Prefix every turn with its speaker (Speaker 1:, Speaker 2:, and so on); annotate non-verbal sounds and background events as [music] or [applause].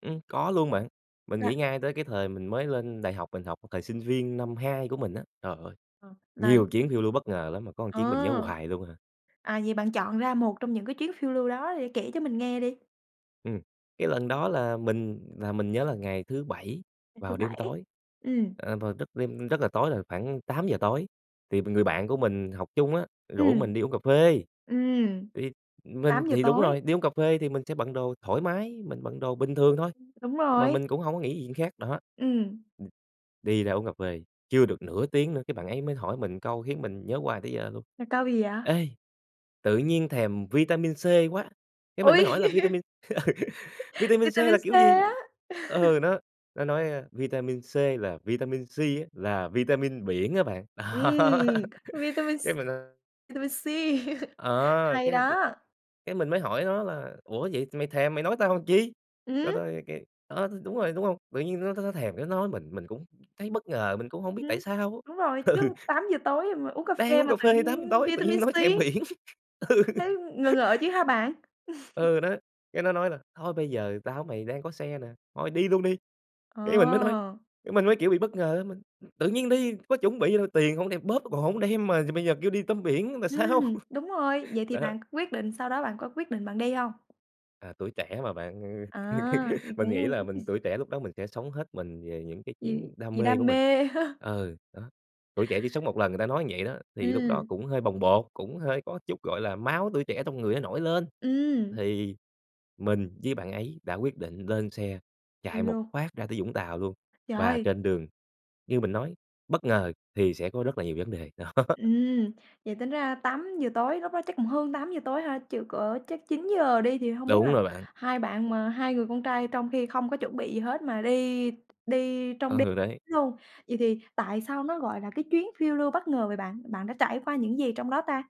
Speaker 1: Ừm, có luôn bạn. Mình
Speaker 2: Dạ.
Speaker 1: nghĩ ngay tới cái thời mình mới lên đại học, mình học thời sinh viên năm 2 của mình á, trời ơi,
Speaker 2: Ờ, mà
Speaker 1: nhiều chuyến phiêu lưu bất ngờ lắm, mà có một chuyến mình nhớ
Speaker 2: Ờ.
Speaker 1: hoài luôn à.
Speaker 2: À, vậy bạn chọn ra một trong những cái chuyến phiêu lưu đó để kể cho mình nghe đi.
Speaker 1: Ừm, cái lần đó là mình là mình nhớ là ngày thứ Bảy
Speaker 2: Ngày thứ
Speaker 1: vào đêm
Speaker 2: Bảy.
Speaker 1: tối,
Speaker 2: Ừm.
Speaker 1: ờ, vào lúc đêm rất là tối rồi, khoảng 8:00 tối, thì b người bạn của mình học chung á rủ
Speaker 2: Ừm.
Speaker 1: mình đi uống cà phê.
Speaker 2: Ừm.
Speaker 1: Thì mình
Speaker 2: 8:00
Speaker 1: thì đúng
Speaker 2: tối.
Speaker 1: rồi, đi uống cà phê thì mình sẽ bận đồ thoải mái, mình bận đồ bình thường thôi,
Speaker 2: Ưm, đúng
Speaker 1: mà
Speaker 2: rồi.
Speaker 1: mình cũng hổng có nghĩ gì chuyện khác, đó. Ừm,
Speaker 2: Ừm.
Speaker 1: đi ra uống cà phê, chưa được nửa tiếng nữa cái bạn ấy mới hỏi mình một câu khiến mình nhớ hoài tới giờ luôn:
Speaker 2: Một câu gì vậy?
Speaker 1: "Ê, tự nhiên thèm vitamin C quá," cái mình
Speaker 2: Ôi,
Speaker 1: mới hỏi là "Vitamin [laughs]
Speaker 2: [laughs]
Speaker 1: vitamin C
Speaker 2: vitamin
Speaker 1: là
Speaker 2: C
Speaker 1: kiểu gì?"
Speaker 2: á? [laughs]
Speaker 1: Ừ, nó nó nói: "Ơ, vitamin C là vitamin sea á, là vitamin biển á bạn." Đó
Speaker 2: Ừm,
Speaker 1: [laughs]
Speaker 2: vitamin
Speaker 1: cái
Speaker 2: s
Speaker 1: mình, ơ
Speaker 2: vitamin sea, [laughs]
Speaker 1: ờ,
Speaker 2: Hay
Speaker 1: cái cái
Speaker 2: đó.
Speaker 1: cái mình mới hỏi nó là "Ủa, vậy mày thèm mày nói tao làm chi?" Nó
Speaker 2: Ừm.
Speaker 1: nói cái ờ, thì đúng rồi, đúng hông? Tự nhiên nó nó nó thèm cái nói mình, mình cũng thấy bất ngờ, mình cũng hông biết
Speaker 2: Ừm,
Speaker 1: tại sao
Speaker 2: đúng rồi,
Speaker 1: á. Ừ.
Speaker 2: chứ 8:00 tối mà uống cà
Speaker 1: Đang
Speaker 2: phê
Speaker 1: uống
Speaker 2: mà
Speaker 1: cà
Speaker 2: tự
Speaker 1: phê 8:00
Speaker 2: nhiên
Speaker 1: tối tự
Speaker 2: vitamin
Speaker 1: nhiên nói
Speaker 2: sea.
Speaker 1: thèm biển. Ừ.
Speaker 2: Thấy ngờ ngợ
Speaker 1: [laughs]
Speaker 2: chứ hả bạn? [laughs]
Speaker 1: Ừ, nó cái nó nói là "Thôi bây giờ tao với mày đang có xe nè, thôi đi luôn đi!" Cái mình mới nói
Speaker 2: Ờ.
Speaker 1: cái mình mới kiểu bị bất ngờ á, mình, ừ, "Tự nhiên đi, có chuẩn bị gì đâu, tiền hông đem, bóp còn hổng đem mà giờ bây giờ kêu đi tắm biển luôn là sao?"
Speaker 2: Ừm, đúng rồi,
Speaker 1: [laughs]
Speaker 2: vậy thì
Speaker 1: Đó, đó.
Speaker 2: bạn quyết định sau đó bạn có quyết định bạn đi không?
Speaker 1: À, tuổi trẻ mà bạn, ừ,
Speaker 2: À, thì
Speaker 1: [laughs] mình nghĩ
Speaker 2: cũng
Speaker 1: là mình
Speaker 2: [unintelligible]
Speaker 1: tuổi trẻ lúc đó mình sẽ sống hết mình về những cái
Speaker 2: Vì
Speaker 1: chuyến đam
Speaker 2: vì
Speaker 1: mê của
Speaker 2: đam
Speaker 1: mình.
Speaker 2: mê ha.
Speaker 1: Ừ, đó, tuổi trẻ chỉ sống một lần người ta nói như vậy đó, thì lúc đó
Speaker 2: Ừm.
Speaker 1: cũng hơi bồng bột, cũng hơi có chút, gọi là, máu tuổi trẻ trong người nó nổi lên
Speaker 2: Ừm.
Speaker 1: thì mình với bạn ấy đã quyết định lên xe
Speaker 2: Đi
Speaker 1: chạy một
Speaker 2: luôn.
Speaker 1: phát ra tới Vũng Tàu luôn, và
Speaker 2: TrờI!
Speaker 1: trên đường như mình nói bất ngờ thì sẽ có rất là nhiều vấn đề, đó.
Speaker 2: Ừm, vậy tính ra 8:00 tối lúc đó chắc cũng hơn 8:00 tối ha. Trừ cỡ chắc 9:00 đi thì hông biết
Speaker 1: Đúng
Speaker 2: là
Speaker 1: rồi bạn.
Speaker 2: hai bạn mà hai người con trai trong khi không có chuẩn bị gì hết mà đi đi trong đêm
Speaker 1: Ừ, đấy.
Speaker 2: luôn. Vậy thì tại sao nó gọi là cái chuyến phiêu lưu bất ngờ vậy bạn? Bạn đã trải qua những gì trong đó ta?